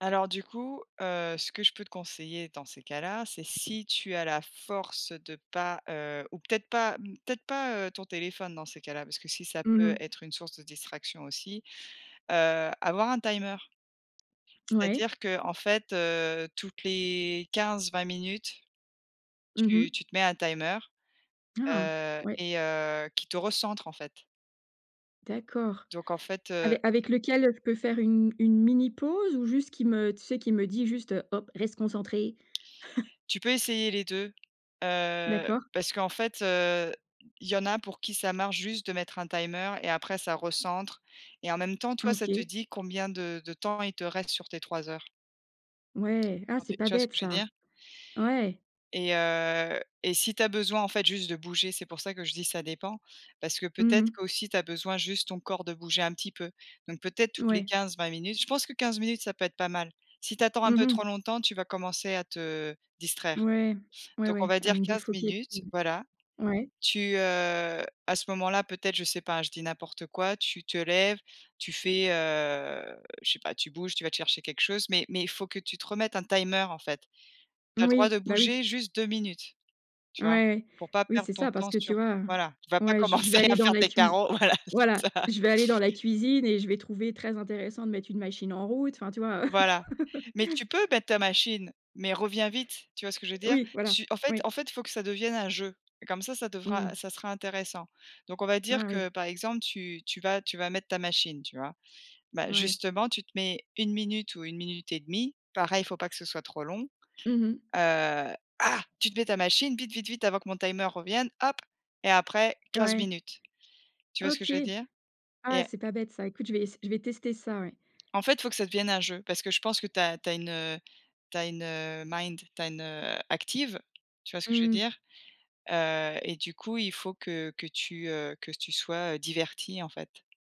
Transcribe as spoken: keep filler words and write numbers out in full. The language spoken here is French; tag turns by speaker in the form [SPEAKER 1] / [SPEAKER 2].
[SPEAKER 1] Alors du coup, heu, ce que je peux te conseiller dans ces cas-là, c'est si tu as la force de pas, heu ou peut-être pas peut-être pas, heu, ton téléphone dans ces cas-là, parce que si ça
[SPEAKER 2] Mmh
[SPEAKER 1] peut
[SPEAKER 2] mh.
[SPEAKER 1] être une source de distraction aussi, heu, avoir un timer.
[SPEAKER 2] Ouais.
[SPEAKER 1] C'est-à-dire qu'en fait, heu, toutes les quinze-vingt minutes,
[SPEAKER 2] Mmh
[SPEAKER 1] tu
[SPEAKER 2] mh.
[SPEAKER 1] tu te mets un timer,
[SPEAKER 2] Ah!
[SPEAKER 1] heu
[SPEAKER 2] Ouais.
[SPEAKER 1] et heu, qui te recentre, en fait.
[SPEAKER 2] D'accord.
[SPEAKER 1] Donc en fait, heu
[SPEAKER 2] Avec avec lequel je peux faire une une mini pause? Ou juste qui me tu sais qui me dit juste: «Hop, reste concentrée».
[SPEAKER 1] Tu peux essayer les deux, heu,
[SPEAKER 2] D'accord.
[SPEAKER 1] parce qu'en fait, heu, il y en a pour qui ça marche juste de mettre un timer et après ça recentre et en même temps
[SPEAKER 2] Ah
[SPEAKER 1] toi, ça te
[SPEAKER 2] OK.
[SPEAKER 1] dit combien de de temps il te reste sur tes trois heures.
[SPEAKER 2] Ouais, ah,
[SPEAKER 1] Sur
[SPEAKER 2] c'est
[SPEAKER 1] tes
[SPEAKER 2] pas
[SPEAKER 1] tu vois ce
[SPEAKER 2] bête
[SPEAKER 1] que je veux
[SPEAKER 2] ça.
[SPEAKER 1] dire?
[SPEAKER 2] Ouais.
[SPEAKER 1] Et heu et si tu as besoin en fait juste de bouger, c'est pour ça que je dis ça dépend, parce que
[SPEAKER 2] Mmh
[SPEAKER 1] peut-être
[SPEAKER 2] mh.
[SPEAKER 1] qu'aussi tu as besoin juste ton corps de bouger un petit peu. Donc peut-être, toutes les
[SPEAKER 2] Ouais.
[SPEAKER 1] quinze-vingt minutes minutes, je pense que quinze minutes, ça peut être pas mal. Si tu attends un
[SPEAKER 2] Mmh
[SPEAKER 1] peu trop
[SPEAKER 2] mh.
[SPEAKER 1] longtemps, tu vas commencer à te distraire.
[SPEAKER 2] Ouais, ouais,
[SPEAKER 1] Donc on
[SPEAKER 2] ouais,
[SPEAKER 1] va
[SPEAKER 2] à
[SPEAKER 1] dire
[SPEAKER 2] me
[SPEAKER 1] quinze
[SPEAKER 2] défoquer.
[SPEAKER 1] minutes,
[SPEAKER 2] Mmh.
[SPEAKER 1] voilà.
[SPEAKER 2] Ouais.
[SPEAKER 1] Tu, heu, à ce moment-là, peut-être je sais pas hein, je dis n'importe quoi, tu te lèves, tu fais, heu, je sais pas, tu bouges, tu vas te chercher quelque chose, mais mais il faut que tu te remettes un timer en fait. Tu as le droit de
[SPEAKER 2] Oui, bah oui.
[SPEAKER 1] bouger juste deux minutes, tu vois?
[SPEAKER 2] Ouais,
[SPEAKER 1] Pour pas
[SPEAKER 2] oui
[SPEAKER 1] perdre
[SPEAKER 2] c'est
[SPEAKER 1] ton
[SPEAKER 2] ça, parce
[SPEAKER 1] temps
[SPEAKER 2] que tu
[SPEAKER 1] sur
[SPEAKER 2] vois?
[SPEAKER 1] voilà, tu vas pas
[SPEAKER 2] Ouais je je vais
[SPEAKER 1] commencer à
[SPEAKER 2] aller dans
[SPEAKER 1] faire
[SPEAKER 2] la
[SPEAKER 1] tes
[SPEAKER 2] cuisi
[SPEAKER 1] carreaux, voilà,
[SPEAKER 2] voilà,
[SPEAKER 1] c'est ça.
[SPEAKER 2] je vais aller dans la cuisine et je vais trouver très intéressant de mettre une machine en route, enfin, tu vois?
[SPEAKER 1] Voilà, mais tu peux mettre ta machine, mais reviens vite, tu vois ce que je veux dire?
[SPEAKER 2] Oui, voilà,
[SPEAKER 1] Tu en fait
[SPEAKER 2] ouais.
[SPEAKER 1] en fait il faut que ça devienne un jeu. Comme ça, ça devra
[SPEAKER 2] Mmh.
[SPEAKER 1] ça sera intéressant. Donc on va
[SPEAKER 2] Ah
[SPEAKER 1] dire
[SPEAKER 2] oui.
[SPEAKER 1] que par exemple, tu tu vas tu vas mettre ta machine, tu vois? Bah,
[SPEAKER 2] Mouais.
[SPEAKER 1] justement, tu te mets une minute ou une minute et demie, pareil, il faut pas que ce soit trop long,
[SPEAKER 2] Mmh mh.
[SPEAKER 1] heu ah! Tu te mets ta machine, vite, vite, vite avant que mon timer revienne, hop et après quinze
[SPEAKER 2] Ouais.
[SPEAKER 1] minutes. Tu vois ce que
[SPEAKER 2] OK.
[SPEAKER 1] je veux dire? Et
[SPEAKER 2] Ah, c'est pas bête ça. Écoute je vais ess je vais tester ça, ouais.
[SPEAKER 1] En fait, il faut que ça devienne un jeu, parce que je pense que tu as tu as une, heu, tu as une, heu, mind tu as une, heu, active, tu vois ce que je veux
[SPEAKER 2] Mmh mh.
[SPEAKER 1] dire? Heu et du coup, il faut que que tu, heu, que tu sois, heu, divertie, en fait.